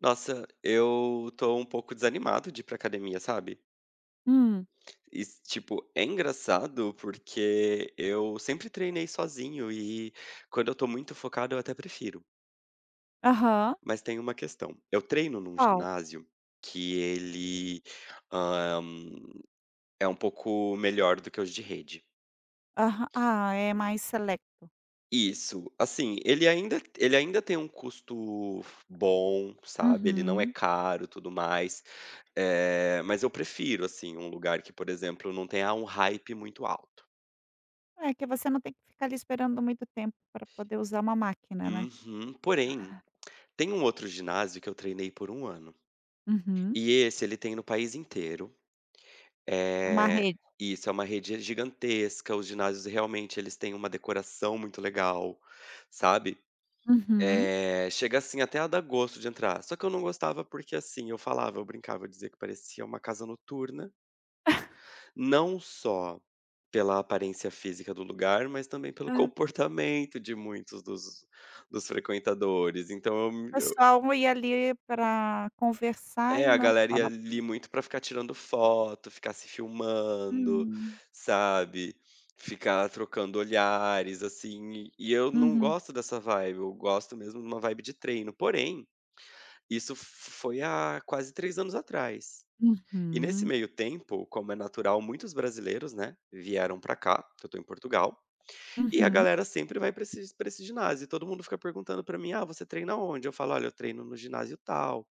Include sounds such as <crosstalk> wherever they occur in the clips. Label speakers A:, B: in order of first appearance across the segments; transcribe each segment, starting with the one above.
A: Nossa, eu tô um pouco desanimado de ir pra academia, sabe.
B: Hum.
A: E is tipo é engraçado porque eu sempre treinei sozinho e quando eu tô muito focado eu até prefiro.
B: Aham.
A: Mas tem uma questão, eu treino em um
B: Qual?
A: ginásio que ele, hã, é um pouco melhor do que os de rede.
B: Aha ah, é mais selecto.
A: Isso, assim, ele ainda ele ainda tem um custo bom, sabe, ele não é
B: Uhum.
A: caro, tudo mais. Eh, mas eu prefiro, assim, um lugar que por exemplo, não tenha um hype muito alto.
B: É que você não tem que ficar ali esperando muito tempo pra poder usar uma máquina, né.
A: Uhum. Porém, tem um outro ginásio que eu treinei por 1 ano
B: Uhum.
A: e esse ele tem no país inteiro.
B: É uma
A: Eh
B: rede?
A: isso, é uma rede gigantesca, os ginásios realmente eles têm uma decoração muito legal, sabe,
B: Uhum.
A: eh, chega, assim, até a dar gosto de entrar. Só que eu não gostava porque, assim, eu falava, eu brincava, eu dizia que parecia uma casa noturna.
B: <chuckles>
A: Não só pela aparência física do lugar, mas também pelo
B: Hã.
A: comportamento de muitos dos, dos frequentadores, então eu me eu
B: Pessoal ia ali pra conversar
A: É,
B: e
A: a
B: não
A: galera ia
B: para.
A: a ali
B: <unintelligible>
A: muito pra ficar tirando foto, ficar se filmando,
B: Hum.
A: sabe, ficar trocando olhares, assim, e eu não
B: Uhum.
A: gosto dessa vibe, eu gosto mesmo de uma vibe de treino. Porém, isso f foi há quase 3 anos atrás e nesse
B: Uhum.
A: meio tempo, como é natural muitos brasileiros, né, vieram pra cá, que eu tô em Portugal, e a
B: Uhum.
A: galera sempre vai pra esses pra esse ginásio, e todo mundo fica perguntando pra mim: "Ah, você treina onde?", eu falo: "Olha, eu treino no ginásio tal".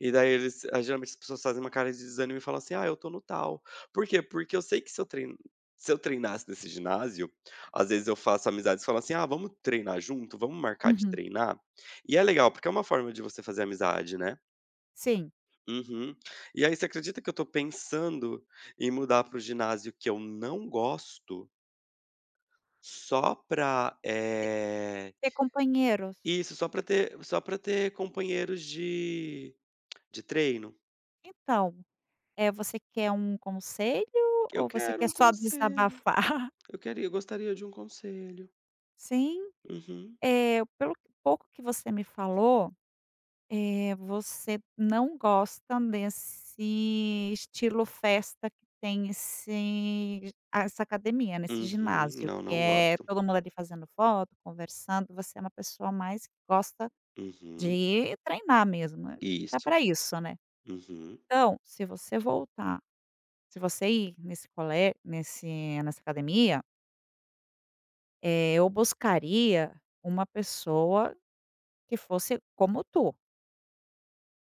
A: E daí eles geralmente as pessoas fazem uma cara de desânimo e falam assim: "Ah, eu tô no tal". Por quê? Porque eu sei que, se eu tre se eu treinasse nesse ginásio, às vezes eu faço amizades, falam assim: "Ah, vamos treinar junto, vamo marcar de
B: Uhum.
A: treinar?". E é legal, porque é uma forma de você fazer amizade, né.
B: Sim.
A: Uhum, e aí você acredita que eu tô pensando em mudar para o ginásio que eu não gosto só pra
B: Ter
A: eh
B: ter companheiros?
A: Isso, só pra ter só pra ter companheiros de <clicks tongue> de treino.
B: Então, eh, você quer um conselho
A: Eu
B: ou você
A: quero
B: quer
A: um
B: só
A: conselho,
B: desabafar? <laughs>
A: eu queria eu gostaria de um conselho.
B: Sim,
A: Uhum.
B: eh, pelo que pouco que você me falou, eh, você não gosta desse estilo festa que tem esse a essa academia, né, esse
A: Uhum.
B: ginásio.
A: Não,
B: Que
A: não
B: é
A: gosto.
B: todo mundo ali fazendo foto, conversando, você é uma pessoa mais que gosta de
A: Uhum.
B: ir treinar mesmo, né. Tá
A: Isso,
B: pra isso, né.
A: uhum.
B: Então, se você voltar, se você ir nesse cole nesse nessa academia eh, eu buscaria uma pessoa que fosse como tu.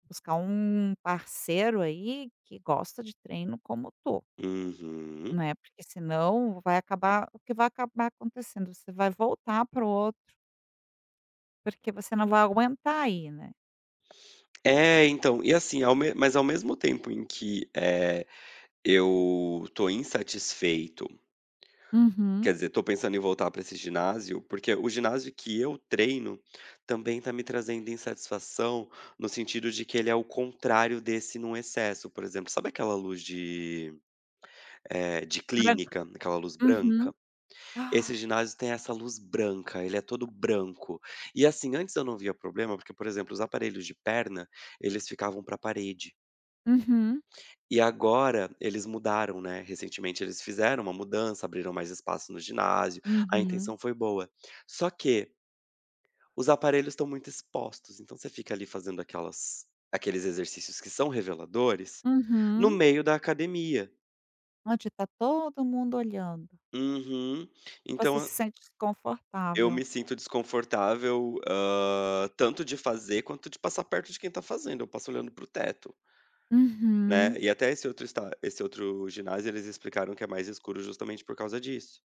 B: Buscar um parceiro aí que gosta de treino como tu.
A: Uhum.
B: Não é, porque se não vai acabar o que vai acabar acontecendo, você vai voltar para o outro. Porque você não vai aguentar ir, né.
A: É. Então, e assim, ao me mas ao mesmo tempo em que, eh, eu tô insatisfeito
B: Uhum.
A: quer dizer, tô pensando em voltar pra esse ginásio. Porque o ginásio que eu treino também tá me trazendo insatisfação, no sentido de que ele é o contrário desse, num, excesso. Por exemplo, sabe aquela luz de, eh, de
B: Branca.
A: clínica? Aquela luz
B: Uhum.
A: branca? Esse
B: <gasps>
A: ginásio tem essa luz branca. Ele é todo branco. E assim, antes eu não via problema, porque, por exemplo, os aparelhos de perna, eles ficavam para a parede.
B: Uhum.
A: E agora eles mudaram, né. Recentemente eles fizeram uma mudança. Abriram mais espaço no ginásio. A
B: Uhum.
A: intenção foi boa. Só que os aparelhos estão muito expostos. Então, você fica ali fazendo aquelas aqueles exercícios que são reveladores, no
B: Uhum.
A: meio da academia.
B: Onde tá todo mundo olhando.
A: Uhum.
B: E
A: Então,
B: você se
A: a
B: sente
A: eu
B: desconfortável.
A: me sinto desconfortável, hã, tanto de fazer quanto de passar perto de quem tá fazendo. Eu passo olhando para o teto.
B: Uhum.
A: Né. E até esse outro está esse outro ginásio, eles explicaram que é mais escuro justamente por causa disso.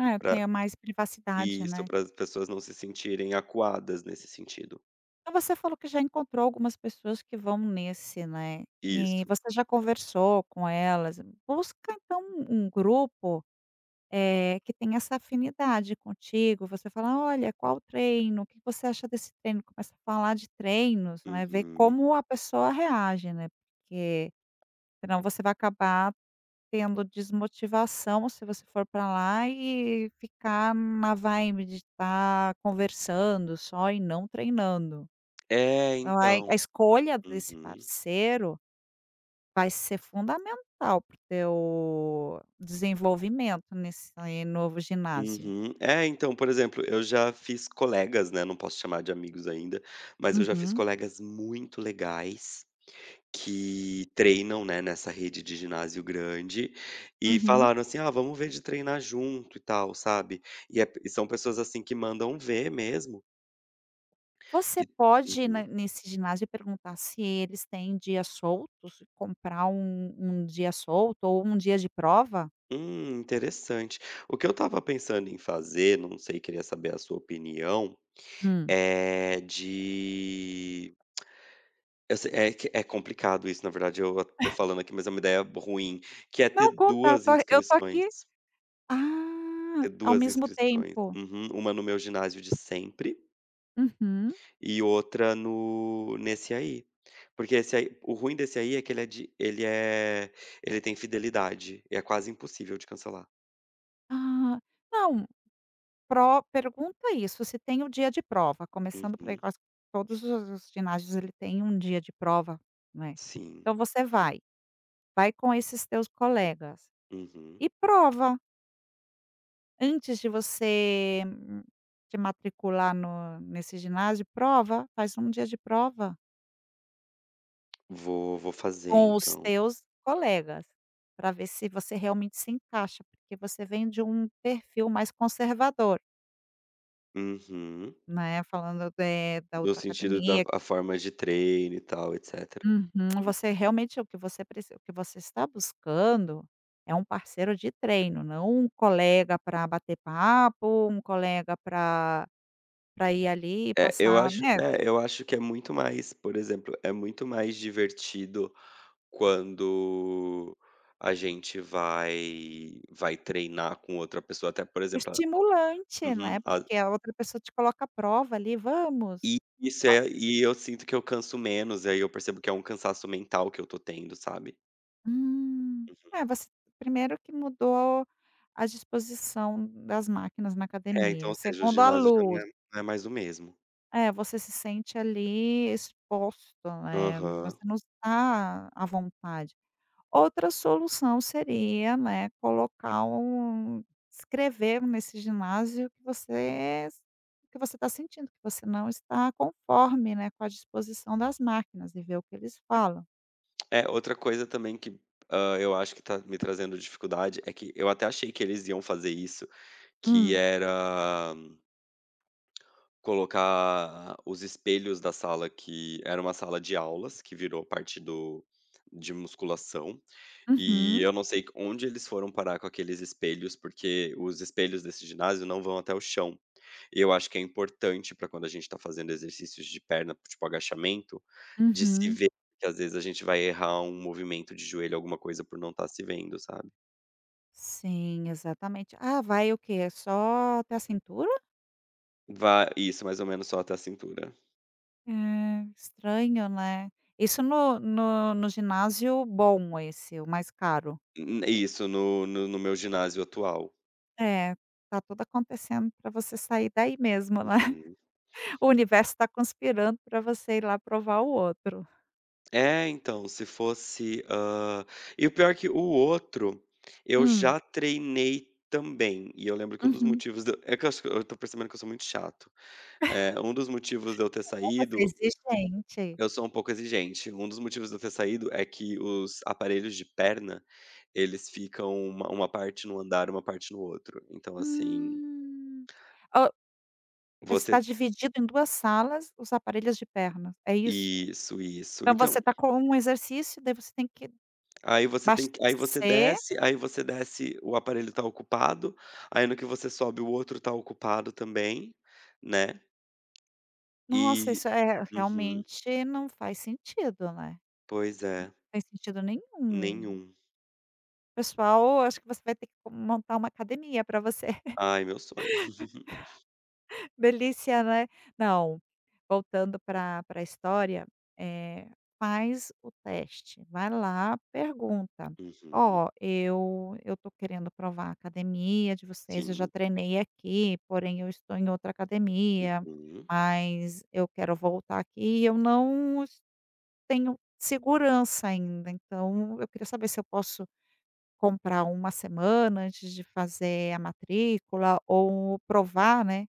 B: É,
A: Pra
B: tenha mais privacidade,
A: isso,
B: né.
A: para as pessoas não se sentirem acuadas nesse sentido.
B: Mas você falou que já encontrou algumas pessoas que vão nesse, né, e
A: Isso.
B: você já conversou com elas. Busca então, um um grupo, eh, que tenha essa afinidade contigo, você fala: "Olha, qual o treino? O que você acha desse treino?". Começa a falar de treinos, não é, ver
A: Uhum.
B: como a pessoa reage, né. Porque senão você vai acabar tendo desmotivação, se você for pra lá e ficar na vibe de tá conversando só e não treinando.
A: É,
B: Então a
A: então
B: a escolha desse
A: uhum.
B: parceiro vai ser fundamental para o teu desenvolvimento nesse novo ginásio.
A: Uhum. É então, por exemplo, eu já fiz colegas, né, não posso chamar de amigos ainda, mas eu já fiz
B: Uhum.
A: colegas muito legais que treinam, né, nessa rede de ginásio grande e
B: Uhum.
A: falaram assim: "Ah, vamo ver de treinar junto e tal", sabe, e é e são pessoas assim que mandam ver mesmo.
B: Você
A: Que
B: pode na
A: uhum.
B: nesse ginásio perguntar se eles têm dias soltos, comprar um um dia solto ou um dia de prova.
A: Hum interessante, o que eu tava pensando em fazer, não sei, queria saber a sua opinião,
B: Hum.
A: é de eu se é que é complicado isso, na verdade, eu a tô
B: <chuckles>
A: falando aqui, mas é uma ideia ruim, que é ter
B: Não contar
A: 2
B: tar eu tô
A: inscrições.
B: aqui. Ah,
A: Ter
B: ao
A: 2
B: mesmo
A: inscrições,
B: tempo?
A: uhum, uma no meu ginásio de sempre
B: Uhum.
A: e outra no nesse aí, porque esse aí o ruim desse aí é que ele é de ele é ele tem fidelidade e é quase impossível de cancelar.
B: Ah, não! Pro pergunta isso, se tem o dia de prova, começando por, aí,
A: Uhum.
B: que acho que todos os os ginásios, ele tem 1 dia de prova, né,
A: Sim.
B: então, você vai, vai com esses teus colegas
A: Uhum.
B: e prova. Antes de você, hum hum te matricular no nesse ginásio, prova, faz um dia de prova.
A: Vou, vou fazer,
B: Com os
A: então. Hum.
B: teus colegas, pra ver se você realmente se encaixa, porque você vem de um perfil mais conservador
A: Uhum.
B: né, falando, eh, da
A: Do
B: outra
A: sentido da
B: academia
A: a forma de treino, e tal, etc.
B: Uhum, você realmente o que você preci o que você está buscando é um parceiro de treino, não um colega pra bater papo, um colega pra pra ir, ali,
A: É, eu
B: passar
A: acho
B: né?
A: é, eu acho que é muito mais por exemplo, é muito mais divertido quando a gente vai vai treinar com outra pessoa, até por exemplo a
B: Estimulante,
A: uhum,
B: né,
A: a
B: porque a outra pessoa te coloca à prova, ali, vamos,
A: E isso
B: o
A: é e e eu sinto que eu canso menos, aí, eu percebo que é um cansaço mental que eu tô tendo, sabe?
B: Hum,
A: Uhum.
B: é, você 1° que mudou a disposição das máquinas na
A: É, então,
B: academia,
A: ou seja, o
B: 2° a
A: ginásio já não
B: luz.
A: é não é mais o mesmo.
B: É, você se sente ali exposto, né. No você
A: Aham.
B: não está à vontade, outra solução seria, né, colocar um escrever nesse ginásio que você é s o que você tá sentindo, que você não está conforme, né, com a disposição das máquinas e ver o que eles falam.
A: É, outra coisa também que, hã, eu acho que tá me trazendo dificuldade é que eu até achei que eles iam fazer isso, que
B: Hum.
A: era colocar os espelhos da sala, que era uma sala de aulas, que virou parte do de musculação. E
B: Uhum.
A: eu não sei onde eles foram parar com aqueles espelhos, porque os espelhos desse ginásio não vão até o chão. E eu acho que é importante, pra quando a gente tá fazendo exercícios de perna, tipo agachamento, se
B: Uhum.
A: ver, que às vezes a gente vai errar um movimento de joelho, alguma coisa, por não tá se vendo, sabe.
B: Sim, exatamente. Ah, vai o quê? É só até a cintura?
A: Va isso, mais ou menos só até a cintura.
B: É, estranho, né. Isso no no no ginásio bom, esse, o mais caro?
A: N Isso no no no meu ginásio atual.
B: É, tá tudo acontecendo pra você sair daí mesmo, né,
A: Uhum.
B: <chuckles> o universo tá conspirando pra você ir lá provar o outro.
A: É, então, se fosse hã, e o pior é que o outro, eu
B: Hum.
A: já treinei também. E eu lembro que um dos
B: Uhum.
A: motivos d é que eu acho que eu tô percebendo que eu sou muito chato. É,
B: <chuckles>
A: um dos motivos de eu ter
B: <unintelligible> Você é
A: saído
B: exigente.
A: eu sou um pouco exigente, um dos motivos de eu ter saído é que os aparelhos de perna, eles ficam uma uma parte num andar, uma parte no outro. Então assim
B: Hum, o
A: você
B: está dividido em 2 salas os aparelhos de perna, é isso?
A: Isso, isso.
B: Então,
A: Então
B: você tá com um exercício, daí você tem que
A: aí você tem que aí você
B: abastecer
A: desce aí você desce, o aparelho tá ocupado, aí no que você sobe, o outro tá ocupado também, né,
B: Nossa,
A: e
B: isso é
A: uhum.
B: realmente não faz sentido, né, não
A: Pois é.
B: faz sentido nenhum.
A: Nenhum.
B: Pessoal, ou acho que você vai ter que com montar uma academia pra você. <chuckles>
A: Ai, meu sonho. <chuckles>
B: Delícia, né. Não, voltando pra pra história, eh, faz o teste, vai lá, pergunta:
A: Uhum.
B: "Ó, eu eu tô querendo provar a academia de vocês, eu já
A: Sim.
B: treinei aqui, porém, eu estou em outra academia,
A: Uhum.
B: mas eu quero voltar aqui e eu não, es tenho segurança ainda, então, eu queria saber se eu posso comprar 1 semana antes de fazer a matrícula ou provar, né,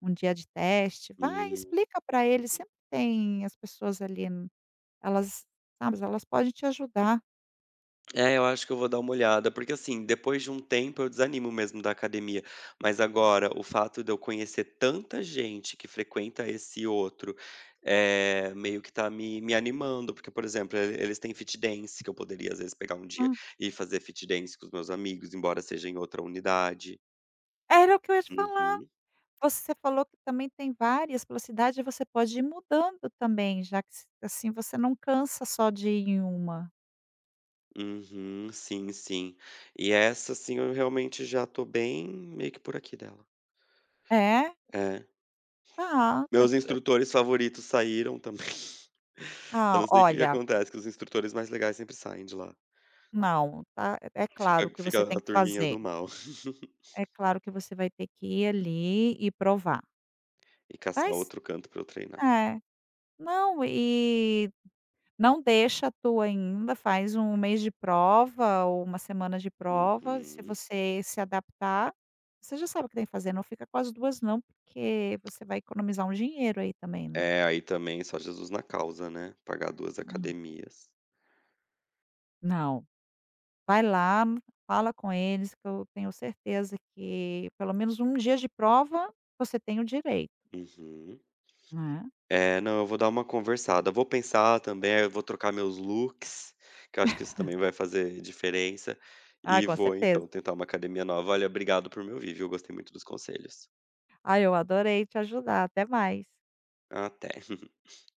B: 1 dia de teste". Vai,
A: Hum.
B: explica pra eles, sempre tem as pessoas ali, n elas Tá, mas elas podem te ajudar.
A: É, eu acho que eu vou dar uma olhada, porque, assim, depois de um tempo eu desanimo mesmo da academia, mas agora o fato de eu conhecer tanta gente que frequenta esse outro, eh, meio que tá me me animando. Porque, por exemplo, e eles têm fit dance que eu poderia, às vezes, pegar um dia
B: Hã.
A: e fazer fit dance com os meus amigos, embora seja em outra unidade.
B: Era o que eu ia te falar.
A: Uhum.
B: Você falou que também tem várias pela cidade, você pode ir mudando também, já que s assim, você não cansa só de ir em uma.
A: Uhum, sim, sim. E essa sim, eu realmente já tô bem meio que "por aqui" dela.
B: É?
A: É.
B: Ah, é
A: Meus
B: <unintelligible>
A: instrutores favoritos saíram também. <chuckles> Eu
B: Ó,
A: não sei o que que
B: olha
A: acontece, que os instrutores mais legais sempre saem de lá.
B: Não, tá. É é claro
A: Fica
B: que
A: fica
B: você tem
A: a
B: que
A: turminha
B: fazer.
A: do mal. <chuckles>
B: É claro que você vai ter que ir ali e provar.
A: E caçar
B: Mas
A: outro canto pra eu treinar.
B: é, não e não deixa a tua ainda. Faz 1, mês de prova ou 1, semana de prova. Se
A: Uhum.
B: você se adaptar, você já sabe o que tem que fazer. Não fica com as 2, não, porque você vai economizar um dinheiro aí também, né.
A: É, aí também só Jesus na causa, né, pagar 2
B: Hã.
A: academias.
B: Não, vai lá, fala com eles que eu tenho certeza que pelo menos 1 dia de prova você tem o direito.
A: Uhum.
B: Né.
A: É, não, eu vou dar uma conversada. Vou pensar também. Eu vou trocar meus looks, que eu acho que isso também
B: <chuckles>
A: vai fazer diferença,
B: Ah,
A: e
B: com
A: vou então
B: certeza.
A: tentar uma academia nova. Valeu, obrigado por me ouvir, viu. Gostei muito dos conselhos.
B: Ai, eu adorei te ajudar. Até mais.
A: Até. <chuckles>